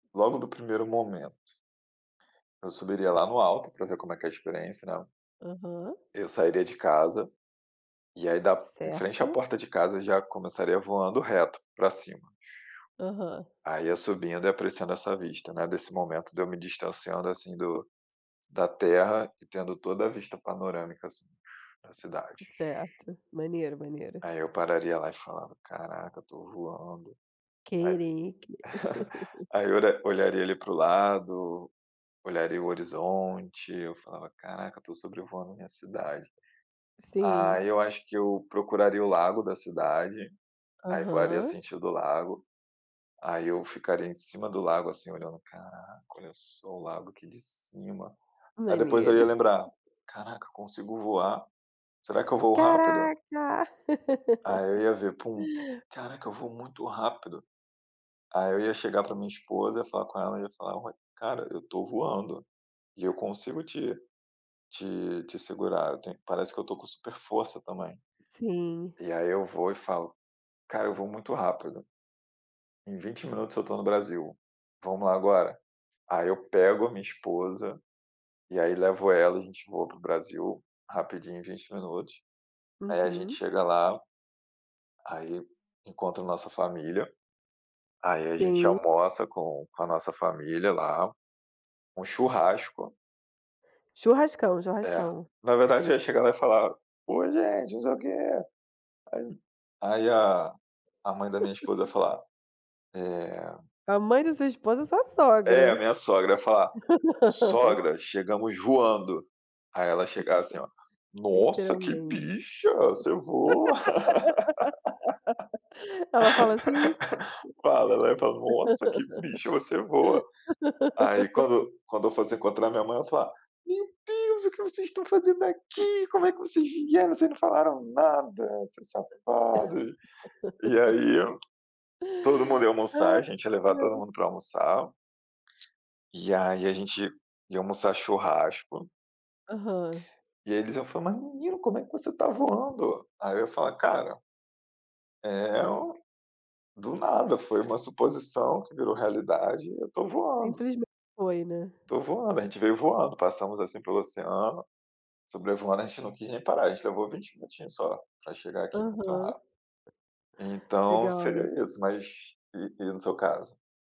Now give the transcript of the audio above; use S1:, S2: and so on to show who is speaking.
S1: Logo do primeiro momento. Eu subiria lá no alto pra ver como é que é a experiência, né.
S2: Aham.
S1: Eu sairia de casa e aí da em frente à
S2: Certo.
S1: porta de casa eu já começaria voando reto pra cima.
S2: Aham.
S1: Aí ia subindo e apreciando essa vista, né, desse momento de eu me distanciando, assim, do da terra e tendo toda a vista panorâmica, assim, na cidade.
S2: Certo. Maneiro, maneiro.
S1: Aí eu pararia lá e falava: "Caraca, eu estou voando". Aí
S2: Caraca.
S1: aí eu ora olharia ali para o lado, olharia o horizonte, eu falava: "Caraca, estou sobrevoando a minha cidade".
S2: Sim.
S1: Aí eu acho que eu procuraria o lago da cidade, aí voaria
S2: Aham.
S1: sentido lago, aí eu ficaria em cima do lago, assim, olhando: "Caraca, olha só o lago aqui de cima". Aí depois eu ia
S2: Maneiro.
S1: lembrar: "Caraca, consigo voar. Será que eu voo rápido?".
S2: Caraca!
S1: Aí eu ia ver: "Pum! Caraca, eu voo muito rápido". Aí eu ia chegar pra minha esposa, ia falar com ela e ia falar: "Ó, cara, eu estou voando e eu consigo te te te segurar. Tenho parece que eu estou com super força também".
S2: Sim.
S1: E aí eu vou e falo: "Cara, eu voo muito rápido". "Em 20 minutos eu estou no Brasil, vamos lá agora?". Aí eu pego a minha esposa, e aí levo ela, a gente voa para o Brasil rapidinho em 20 minutos. Aí a gente
S2: Uhum.
S1: chega lá, aí encontro a nossa família, aí a gente
S2: Sim.
S1: almoça com com a nossa família lá, um churrasco.
S2: Churrascão,
S1: É,
S2: churrascão.
S1: na verdade eu ía chegar lá e falar: "Oi, gente, não sei o quê". Aí a a mãe da minha esposa ia falar, eh
S2: A mãe da sua esposa é sua
S1: É, a
S2: sogra.
S1: minha sogra, ía falar: "Sogra, chegamos voando". Aí ela ía chegar assim, ó: "Nossa, que
S2: Literalmente.
S1: bicha, você voa".
S2: Ela fala assim?
S1: Fala, ela ía falar: "Nossa, que bicha, você voa". Aí quando quando eu fosse encontrar minha mãe eu ía falar: "Meu Deus, o que vocês estão fazendo aqui? Como é que vocês vieram? Vocês não falaram nada, seus safados". E aí todo mundo ia
S2: Ai,
S1: almoçar, a gente ia levar todo
S2: ai.
S1: mundo pra almoçar, e aí a gente ia almoçar churrasco.
S2: Aham.
S1: E aí eles iam falar: "Mas menino, como é que você está voando?". Aí eu ia falar: "Cara" "é o do nada foi uma suposição que virou realidade, e eu estou voando".
S2: Simplismente foi, né.
S1: "Estou voando, a gente veio voando. Passamos, assim, pelo oceano sobrevoando, a gente não quis nem parar. A gente levou 20 minutinhos só pra chegar aqui. Muito
S2: Aham.
S1: ra" então
S2: Legal.
S1: seria isso, mas e e no seu caso?